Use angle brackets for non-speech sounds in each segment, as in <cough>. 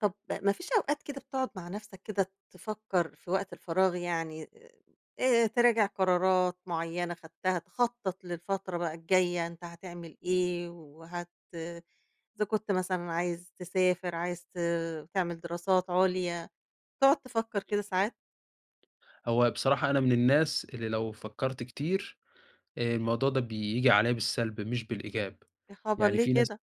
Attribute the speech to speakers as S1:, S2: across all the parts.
S1: طَب ما فيش أوقات كده بتقعد مع نفسك كده تفكر في وقت الفراغ يعني، آآ تراجع قرارات مُعيّنة خدتها، تخطّط للفترة بقى الجاية، أنت هتعمل إيه، وهت إذا كنت مثلًا عايز تسافر، عايز ت تعمِل دراسات عُليا، تقعد تفكّر كده ساعات؟
S2: هو بصراحة أنا من الناس اللي لو فكَرت كتير، آآ الموضوع ده بييجي عليّا بالسلب مش بالإيجاب،
S1: يا خبر!
S2: يعني
S1: ليه
S2: في ناس
S1: كده؟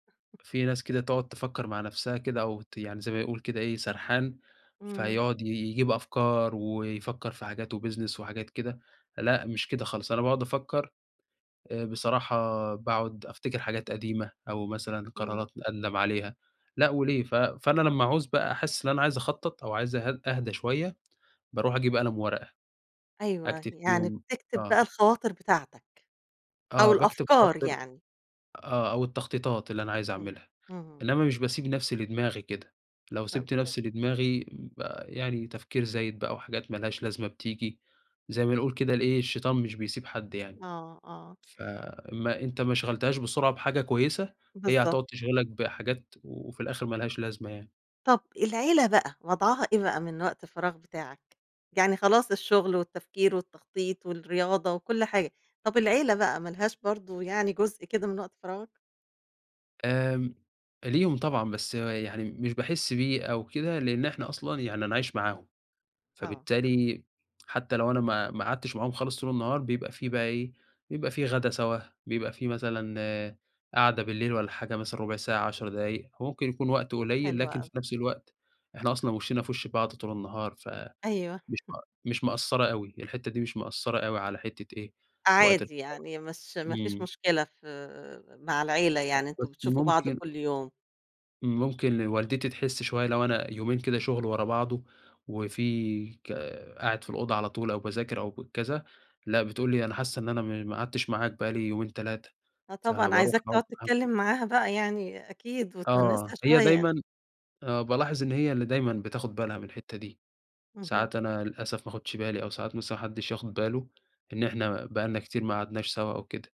S2: في ناس كده تقعد تفكر مع نفسها كده، أو ت يعني زي ما يقول كده إيه سرحان،
S1: إمم.
S2: فيقعد ي يجيب أفكار، ويفكر في حاجات وبيزنس وحاجات كده، لأ، مش كده خالص، أنا باقعد أفكر آآ بصراحة باقعد أفتكر حاجات قديمة، أو مثلًا
S1: إمم.
S2: قرارات أندم عليها لأ، وليه، ف فأنا لمّا أعوز بقى أحِسّ إن أنا عايز أخطط أو عايز أهد أهدى شوية، باروح أجيب قلم وورقة،
S1: أيوه، أي
S2: أكتب
S1: يعني
S2: فيهم
S1: بتكتب
S2: آه.
S1: بقى الخواطر بتاعتك، أو
S2: آه، باكتب
S1: الأفكار
S2: خواطر
S1: يعني.
S2: آه، أو التّخطيطات اللي أنا عايز
S1: امم،
S2: أعملها،
S1: اهم.
S2: إنّما مش باسيب نفسي لدماغي كده، لو سِبت
S1: <unintelligible>
S2: نفسي لدماغي ب يعني تفكير زايد بقى أو حاجات ما لهاش لازمة بتيجي، زي ما نقول كده لإيه الشيطان مش بيسيب حد يعني،
S1: آه، آه.
S2: ف ما أنت ما شغلتهاش بسرعة بحاجة كويسة، هي
S1: بالضبط.
S2: هتقعد تِشغلك بحاجات و وفي الآخر ما لهاش لازمة يعني.
S1: طب العيلة بقى، وضعها إيه بقى من وقت الفراغ بتاعك؟ يعني خلاص الشُّغل والتّفكير والتّخطيط والرياضة وكُلّ حاجة، طب العيلة بقى ما لهاش برضه يعني جزء كده من وقت فراغك؟
S2: آمم، ليهم طبعًا بس يعني مش باحِسّ بيه أو كده، لإن إحنا أصلًا يعني أنا عايش معاهم،
S1: آه.
S2: فبالتالي حتى لو أنا ما ما أقعدتش معاهم خالص طول النهار، بيبقى في بقى إيه، بيبقى في غدا سوا، بيبقى في مثلًا قعدة بالليل والّا حاجة مثلًا ربُع ساعة، 10 دقايق، هو ممكن يكون وقت قليل،
S1: حلو
S2: لكن في
S1: أوي.
S2: نفس الوقت إحنا أصلًا وِشِّنَا في وِشّ بعض طول النهار، ف
S1: أيوه.
S2: مش
S1: <chuckles>
S2: ما مش مأثرة أوي، الحِتّه دي مش مأثرة أوي على حِتّة إيه وقت <unintelligible>
S1: عادي يعني مش ما فيش
S2: إمم.
S1: مشكلة في مع العيلة
S2: أ
S1: يعني، أنتم
S2: بس
S1: بتشوفوا بعض
S2: ممكن
S1: كُلّ يوم.
S2: ممكن والدتي تحِسّ شوية لو أنا يومين كده شُغل ورا بعضُه، وفي ك قاعد في الأوضة على طول أو باذاكر أو ك كذا، لأ، بتقول لي أنا حاسّة إن أنا م ما قعدتش معاك بقى لي يومين، 3
S1: آه، طبعًا
S2: فباروح
S1: عايزاك
S2: أقعد
S1: تقعد
S2: معاهم ط
S1: تتكلم معاها بقى يعني أكيد،
S2: آه،
S1: وتِوَنِّسها
S2: هي
S1: شوية.
S2: دايمًا آه، بالاحظ إن هي اللي دايمًا بتاخد بالها من الحِتّة دي،
S1: اهم.
S2: ساعات أنا للأسف ما آخُدش بالي، أو ساعات مثلًا ما حدش ياخد بالُه، إن إحنا بقى لنا كتير ما قعدناش سوا أو كده.